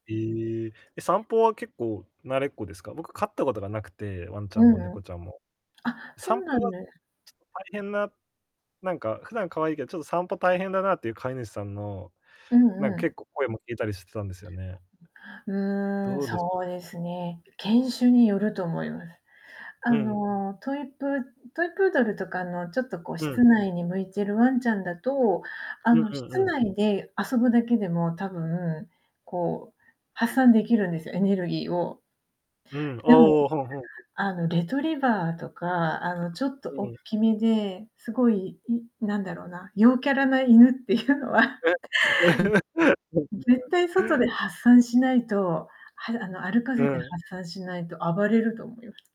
ええ、え、散歩は結構慣れっこですか？僕飼ったことがなくて、ワンちゃうんんもう猫ん。ちゃんも。あ、そ散うな歩んがちょです。っと大変な、なんか普段可愛いけど、ちょっと散歩大変だなっていう飼い主さんの、うなんんうか結ん。構声も聞いたりしてたんですよね。うーん、どうですそうですね、犬種によると思います。あうん。の、トイプートイプードルとかのちょっとこううん。室内に向いてるワンちゃんだと、あうんの、うん室うん。内で遊ぶだけでも多分、こう、発散できるんですよ、エネルギーを。うん。あでも、あ、はんはん。あのレトリバーとか、あのちょっとうおっん。きめで、すごい、んなんだろうな、陽キャラな犬っていうのは。え。うん、絶 [unintelligible] 対外で発散しないと、はあの、歩かうせてん。発散しないと暴れると思います。